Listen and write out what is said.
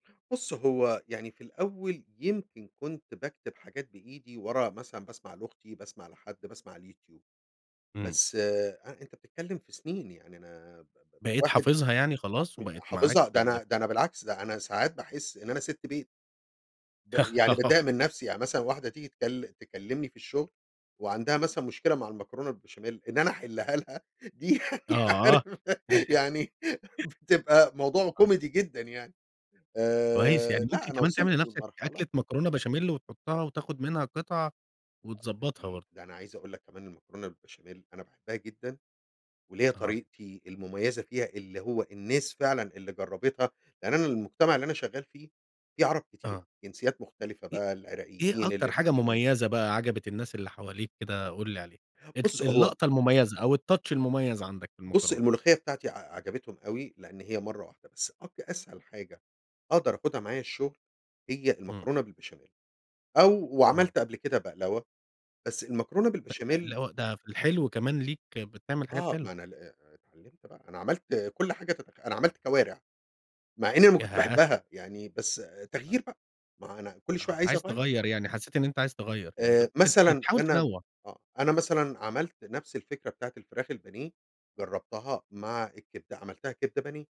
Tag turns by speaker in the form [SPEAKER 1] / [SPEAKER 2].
[SPEAKER 1] بُص هو يعني في الأوّل يمكن كنت باكتب حاجات بإيدي ورا مثلًا باسمع لأختي باسمع لحد، باسمع الyouTube،
[SPEAKER 2] إمم.
[SPEAKER 1] بس أ أنت بتتكلّم في سنين يعني أنا
[SPEAKER 2] بقيت
[SPEAKER 1] واحد
[SPEAKER 2] حافظها يعني خلاص،
[SPEAKER 1] ح
[SPEAKER 2] وبقيت معاك
[SPEAKER 1] حافظها
[SPEAKER 2] في
[SPEAKER 1] ده أنا
[SPEAKER 2] الذاك
[SPEAKER 1] ده أنا بالعكس أنا ساعات باحس إن أنا ست بيت ب يعني باتضايق من نفسي، يعني مثلًا واحدة تييجي تك تكلمني في الشغل وعندها مثلًا مشكلة مع المكرونة البشاميل، إن أنا أحلها لها دي يعني
[SPEAKER 2] آه.
[SPEAKER 1] عارف يعني بتبقى موضوع
[SPEAKER 2] آه.
[SPEAKER 1] كوميدي جدًا يعني
[SPEAKER 2] كويس،
[SPEAKER 1] آآ،
[SPEAKER 2] يعني
[SPEAKER 1] لأ
[SPEAKER 2] ممكن
[SPEAKER 1] أنا
[SPEAKER 2] كمان
[SPEAKER 1] وصلت
[SPEAKER 2] تعمل لنفسك
[SPEAKER 1] للمرحلة
[SPEAKER 2] أكلة مكرونة بشاميل، وتحطها وتاخد منها قطع،
[SPEAKER 1] ده
[SPEAKER 2] وتضبطها
[SPEAKER 1] دي
[SPEAKER 2] برضو.
[SPEAKER 1] ده أنا عايز أقول لك كمان المكرونة بالبشاميل أنا باحبها جدًا وليَّ
[SPEAKER 2] آه.
[SPEAKER 1] طريقتي المميّزة فيها اللي هو الناس فعلًا اللي جربتها، لأن أنا المجتمع اللي أنا شغّال فيه، فيه عرب كتير
[SPEAKER 2] آه.
[SPEAKER 1] جنسيات مختلفة
[SPEAKER 2] إيه
[SPEAKER 1] بقى
[SPEAKER 2] إيه
[SPEAKER 1] العراقيين
[SPEAKER 2] أكتر حاجة
[SPEAKER 1] اللبنانيين.
[SPEAKER 2] مميّزة بقى عجبت الناس اللي حواليك كده، قُل لي عليها
[SPEAKER 1] بُص هو
[SPEAKER 2] اللقطة المميّزة أو الtouch المميّز عندك في
[SPEAKER 1] بص
[SPEAKER 2] المكرونة؟
[SPEAKER 1] الملوخيّة بتاعتي ع عجبتهم أوي، لأن هي مرّة واحدة بس أك أسهل حاجة أقدر آخدها معايا الشغل هي
[SPEAKER 2] امم.
[SPEAKER 1] المكرونة بالبشاميل أو
[SPEAKER 2] آه.
[SPEAKER 1] وعملت قبل كده بقلاوة، بس المكرونة
[SPEAKER 2] أ اللي
[SPEAKER 1] بالبشاميل
[SPEAKER 2] هو ده في الحلو كمان، ليك بتعمل حاجات
[SPEAKER 1] آه، ما
[SPEAKER 2] حلوة.
[SPEAKER 1] أنا ال أ أ اتعلمت بقى أنا عملت كل حاجة تتخ أنا عملت كوارع مع إنّي ما كنتش
[SPEAKER 2] ياه!
[SPEAKER 1] باحبها، يعني بس تغيير بقى، ما أنا كل شويّة
[SPEAKER 2] آه،
[SPEAKER 1] عايز
[SPEAKER 2] عايز
[SPEAKER 1] اغيّر.
[SPEAKER 2] تغيّر يعني حسيت إن أنت عايز تغيّر يعني،
[SPEAKER 1] آآ،
[SPEAKER 2] بت بت
[SPEAKER 1] مثلًا
[SPEAKER 2] بتحاول
[SPEAKER 1] أنا
[SPEAKER 2] تنوع.
[SPEAKER 1] آه، أنا مثلًا عملت نفس الفكرة بتاعة الفراخ البانية جربتها مع الكبدة، عملتها كبدة بانية.